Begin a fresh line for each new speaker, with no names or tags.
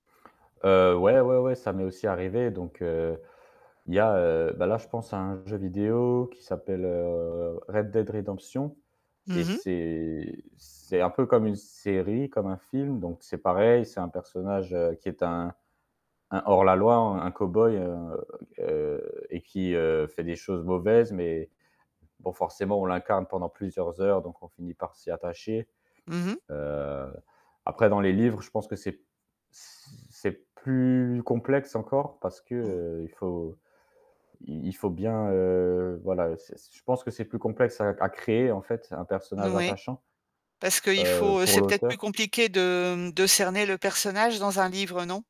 Heu, ouais, ouais, ouais ça m'est aussi arrivé donc heu, il y a, heu, bah, là je penseà un jeu vidéo qui s'appelle, heu, Red Dead Redemption et
Mmh mh.
c'est c'est un peu comme une série, comme un film donc c'est pareil, c'est un personnage, heu, qui est un un hors la loi, un cow-boy, heu heu et qui, heu, fait des choses mauvaises mais bon forcément on l'incarne pendant plusieurs heures donc on finit par s'y attacher,
Mmh mh.
heu, après dans les livres, je pense que c'est c c'est plus complexe encore parce que,
Mmh.
heu, il faut i il faut bien, heu, voilà, heu, c'est je pense que c'est plus complexe à à créer, en fait, un
N
personnage
ouais,
attachant,
parce qu'il
heu,
faut, heu
pour
c'est peut-être plus
l'auteur.
compliqué de, mmh, de cerner le personnage dans un livre, non?